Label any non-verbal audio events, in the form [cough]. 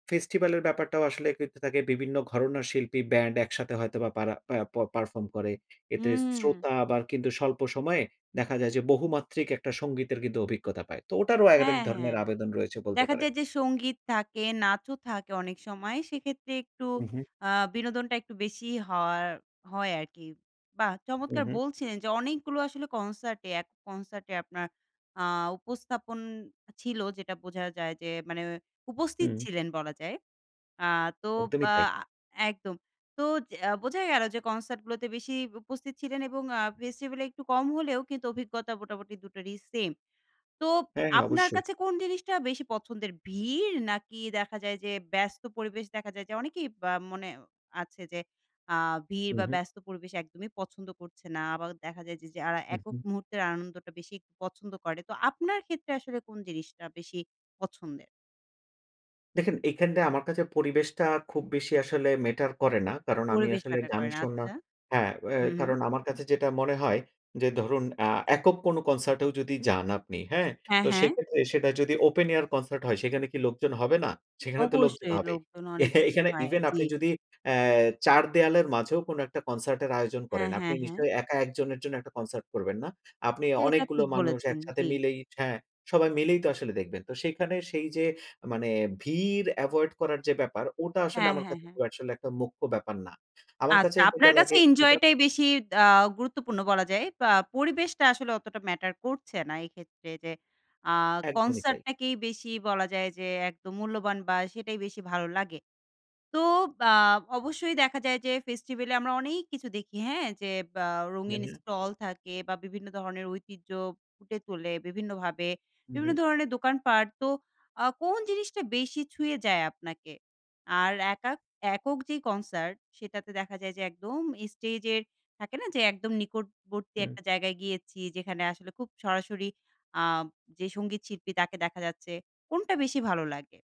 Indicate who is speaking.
Speaker 1: Festival এর ব্যাপারটাও আসলে এক [unintelligible] থাকে বিভিন্ন ঘরনার শিল্পী, ব্যান্ড একসাথে হয়তোবা পারা প্যা প পারফর্ম করে। এতে
Speaker 2: হুম।
Speaker 1: শ্রোতা আবার কিন্তু স্বল্প সময়ে দেখা যায় যে, বহুমাত্রিক একটা সংগীতের কিন্তু অভিজ্ঞতা পায়। তো ওটারও আরেক
Speaker 2: হ্যাঁ,
Speaker 1: ধরণের
Speaker 2: হ্যাঁ।
Speaker 1: আবেদন রয়েছে, বলতে
Speaker 2: দেখা
Speaker 1: পারেন।
Speaker 2: যায় যে সঙ্গীত থাকে, নাচও থাকে অনেক সময়। সেক্ষেত্রে একটু
Speaker 1: হু, হু।
Speaker 2: আ বিনোদনটা একটু বেশি হওয়ার হয় আরকি। বাহ!
Speaker 1: হু,
Speaker 2: চমৎকার
Speaker 1: হু।
Speaker 2: বলছিলেন যে, অনেকগুলো আসলে কনসার্টে, এক কনসার্টে আপনার আ উপস্থাপন ছিল, যেটা বোঝা যায়। যে মানে উপস্থিত
Speaker 1: হুম।
Speaker 2: ছিলেন বলা যায়। আ তো
Speaker 1: একদমই
Speaker 2: আ
Speaker 1: তাই।
Speaker 2: একদম। তো যে আ বোঝাই গেলো যে কনসার্টগুলোতে বেশি উপস্থিত ছিলেন এবং আ ফেস্টিভালে একটু কম হলেও কিন্তু অভিজ্ঞতা মোটামুটি দুটোরই সেম। তো
Speaker 1: হ্যাঁ, হ্যাঁ,
Speaker 2: আপনার
Speaker 1: অবশ্যই।
Speaker 2: কাছে কোন জিনিসটা বেশি পছন্দের? ভিড় নাকি দেখা যায় যে, ব্যস্ত পরিবেশ? দেখা যায় যে, অনেকেই বা মনে আছে যে, আ ভিড়
Speaker 1: হু,
Speaker 2: বা
Speaker 1: হু।
Speaker 2: ব্যস্ত পরিবেশ একদমই পছন্দ করছে না। আবার দেখা যায় যে, যারা
Speaker 1: হু,
Speaker 2: একক
Speaker 1: হু।
Speaker 2: মুহূর্তের আনন্দটা বেশি পছন্দ করে। তো আপনার ক্ষেত্রে আসলে কোন জিনিসটা বেশি পছন্দের?
Speaker 1: দেখেন, এইখানটায় আমার কাছে পরিবেশটা খুব বেশি আসলে ম্যাটার করে না। কারণ আমি
Speaker 2: পরিবেশ
Speaker 1: আসলে
Speaker 2: ম্যাটার
Speaker 1: গান
Speaker 2: করে না।
Speaker 1: শোনা
Speaker 2: আচ্ছা।
Speaker 1: হ্যাঁ, অ্যা
Speaker 2: হু, হু।
Speaker 1: কারণ আমার কাছে যেটা মনে হয় যে ধরুন, আ একক কোনো কনসার্টেও যদি যান আপনি, হ্যাঁ?
Speaker 2: হ্যাঁ,
Speaker 1: তো
Speaker 2: হ্যাঁ।
Speaker 1: সেক্ষেত্রে সেটা যদি ওপেন এয়ার কনসার্ট হয়, সেখানে কি লোকজন হবে না? সেখানে তো লোকজন
Speaker 2: অবশ্যই।
Speaker 1: হবেই।
Speaker 2: লোকজন
Speaker 1: এ
Speaker 2: অনেক বেশি
Speaker 1: এখানে
Speaker 2: হয়,
Speaker 1: ইভেন
Speaker 2: জি।
Speaker 1: আপনি যদি অ্যা চার দেয়ালের মাঝেও কোন একটা কনসার্টের আয়োজন
Speaker 2: হ্যাঁ,
Speaker 1: করেন, আপনি
Speaker 2: হ্যাঁ, হ্যাঁ।
Speaker 1: নিশ্চয়ই একা ১ জনের জন্য একটা কনসার্ট করবেন না। আপনি
Speaker 2: সেটা
Speaker 1: অনেকগুলো
Speaker 2: ঠিক
Speaker 1: মানুষ
Speaker 2: বলেছেন,
Speaker 1: একসাথে
Speaker 2: জি।
Speaker 1: মিলেই হ্যাঁ, সবাই মিলেই তো আসলে দেখবেন। তো সেইখানে সেই যে মানে ভিড় এভয়েড করার যে ব্যাপার, ওটা আসলে
Speaker 2: হ্যাঁ,
Speaker 1: আমার
Speaker 2: হ্যাঁ,
Speaker 1: কাছে
Speaker 2: হ্যাঁ।
Speaker 1: আসলে একটা মুখ্য ব্যাপার না। আমার
Speaker 2: আচ্ছা।
Speaker 1: কাছে যেটা
Speaker 2: আপনার কাছে
Speaker 1: লাগে,
Speaker 2: এনজয়
Speaker 1: যেটা
Speaker 2: টাই বেশি দ্যা গুরুত্বপূর্ণ বলা যায়। বা পরিবেশটা আসলে অতটা ম্যাটার করছে না, এই ক্ষেত্রে। যে আ
Speaker 1: একদমই
Speaker 2: কনসার্ট
Speaker 1: তাই।
Speaker 2: টাকেই বেশি বলা যায় যে, একদম মূল্যবান বা সেটাই বেশি ভালো লাগে। তো আ অবশ্যই দেখা যায় যে, ফেস্টিভ্যালে আমরা অনেক কিছু দেখি, হ্যাঁ? যে ব্যা
Speaker 1: হু,
Speaker 2: রঙিন
Speaker 1: হু।
Speaker 2: স্টল থাকে বা বিভিন্ন ধরনের ঐতিহ্য ফুটে তোলে বিভিন্নভাবে,
Speaker 1: হু,
Speaker 2: বিভিন্ন
Speaker 1: হু।
Speaker 2: ধরনের দোকানপাট। তো আ কোন জিনিসটা বেশি ছুঁয়ে যায় আপনাকে? আর একাক একক যেই কনসার্ট, সেটাতে দেখা যায় যে একদম স্টেজের, থাকে না যে একদম নিকটবর্তী
Speaker 1: হুম।
Speaker 2: একটা জায়গায় গিয়েছি। যেখানে আসলে খুব সরাসরি আ যে সঙ্গীত শিল্পী, তাকে দেখা যাচ্ছে। কোনটা বেশি ভালো লাগে?